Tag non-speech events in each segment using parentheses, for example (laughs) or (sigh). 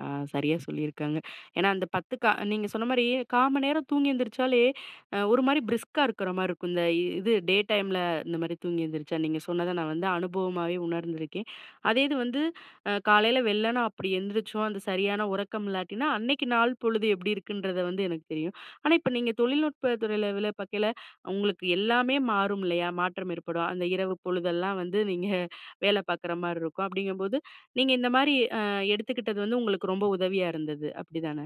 ஆ சரியா சொல்லிருக்காங்க. ஏன்னா, அந்த 10, கா நீங்க சொன்ன மாரி, 1/4 மணி நேரம் தூங்கி எந்திரிச்சாலே, ஒரு மாரி பிரிஸ்கா இருக்கிற மாரி இருக்கும். இந்த இது டே டைம்ல, இந்த மாதிரி தூங்கி எழுந்திரிச்சா, நீங்க சொன்னத, நான் வந்து அனுபவமாவே உணர்ந்துருக்கேன். அதே இது வந்து, அ காலைல, வெள்ளன அப்பிடி எழுந்திரிச்சோம், அந்த சரியான உறக்கம் இல்லாட்டின்னா, அன்னைக்கு நாள் பொழுது எப்படி இருக்குன்றத வந்து எனக்கு தெரியும். ஆனா, இப்போ நீங்க தொழில்நுட்ப துறையில வேல பாக்கையில உங்களுக்கு எல்லாமே மாறும். இல்லையா? மாற்றம் ஏற்படும். அந்த இரவு பொழுதெல்லாம் வந்து, நீங்க வேலை பார்க்குற மாரி இருக்கும். அப்பிடீங்கம்போது, நீங்க இந்த மாரி, அ எடுத்துக்கிட்டது வந்து உங்களுக்கு ரொம்ப உதவியா இருந்தது. அப்டிதானே.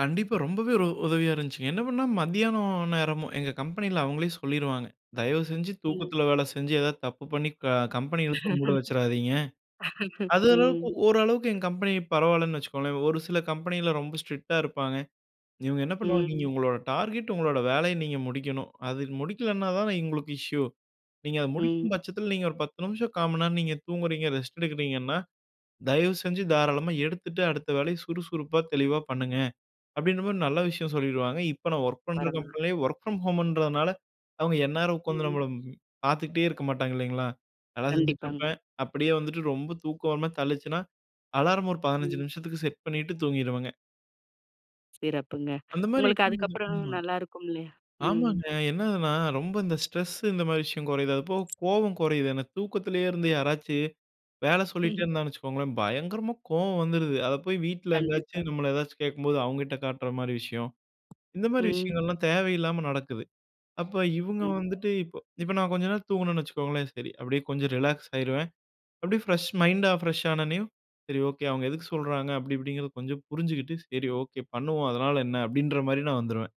கண்டிப்பா. ரொம்பவே ஒரு உதவியா இருந்துச்சுங்க. என்ன பண்ணா மத்தியானம் நேரமும் எங்க கம்பெனியில, அவுங்களே சொல்லிருவாங்க. தயவு செஞ்சு ம். தூக்கத்தில வேலை செஞ்சு, எதாவது தப்பு பண்ணி க கம்பெனி இழுத்து மூட வச்சுறாதீங்க. (laughs) அது (laughs) அளவுக்கு, ம். ஓரளவுக்கு எங்க கம்பெனி பரவாயில்லன்னு வச்சுக்கோங்களேன். ஒரு சில கம்பெனியில ரொம்ப ஸ்ட்ரிக்டா இருப்பாங்க. இவங்க என்ன பண்ணுவாங்க, "நீங்க ம். உங்களோட டார்கெட், உங்களுடைய வேலையை நீங்க முடிக்கணும்." அது முடிக்கல்லனா தான, இவங்களுக்கு இஷ்யூ. "நீங்க அதை ம். முடிக்கும் பட்சத்தில, நீங்க ஒரு 10 நிமிஷம், 1/4 மணி நேரம் நீங்க தூங்குகிறீங்க. ரெஸ்ட் எடுக்கிறீங்கன்னா. தயவு செஞ்சு தாராளமா எடுத்துட்டு அடுத்த வேலைய சுறுசுறுப்பா தெளிவா பண்ணுங்க" அப்பிடின்ற மாரி நல்ல விஷயம் சொல்லிடுவாங்க. இப்போ நான் வொர்க் பண்ற வரமா? கம்பெனிலேயே வொர்க் ஃப்ரம் ஹோம்ன்றதுனால, அவங்க எந்நேரம் உட்காந்து ம். நம்மள பார்த்துகிட்டே இருக்க மாட்டாங்க. இல்லைங்களா, நல்லா செஞ்சுட்டு கண்டிப்பாங்க. இருப்பேன். அப்படியே வந்துட்டு ரொம்ப தூக்கம் ஒருமாரி தள்ளிச்சுனா, அலார்ம் ஒரு 15 ம். நிமிஷத்துக்கு செட் பண்ணிட்டு தூங்கிருவேங்க. சிறப்புங்க. அந்த மாதிரி உங்களுக்கு இருக்கும் போது அதுக்கப்புறம் ஆமா, நல்லாயிருக்கும், இல்லையா? ம். ஆமாங்க என்னதுன்னா, ரொம்ப இந்த ஸ்ட்ரெஸ்ஸு, இந்த மாதிரி விஷயம் கொறையுது. அது அப்ப கோவம் கொறையுது. என்ன தூக்கத்திலேயே இருந்து யாராச்சும் வேலை சொல்லிட்டே (laughs) இருந்தான்னு வச்சுக்கோங்களேன். பயங்கரமாக கோவம் வந்துருது. அதை போய் வீட்ல கண்டிப்பா. எங்கேயாச்சும், நம்மள ஏதாச்சும் கேட்கும்போது அவங்ககிட்ட காட்டுற மாதிரி விஷயம். இந்த மாதிரி ம். விஷயங்கள்லாம் தேவையில்லாம நடக்குது. அப்போ, இவுங்க ம். வந்துட்டு இப்போ, இப்போ நான் கொஞ்ச நேரம் தூங்குனேன்னு வச்சுக்கோங்களேன். சரி, அப்டியே, கொஞ்சம் ரிலாக்ஸ் ஆகிருவேன். அப்டியே ஃப்ரெஷ் மைண்டா, ஃப்ரெஷ் ஆனோடனேயும், "சரி ஓகே, அவங்க எதுக்கு சொல்றாங்க?" அப்டி இப்டிங்கிறது கொஞ்சம் புரிஞ்சுட்டு, "சரி ஓகே, பண்ணுவோம் அதனால என்ன?" அப்டின்ற மாரி நான் வந்துருவேன்.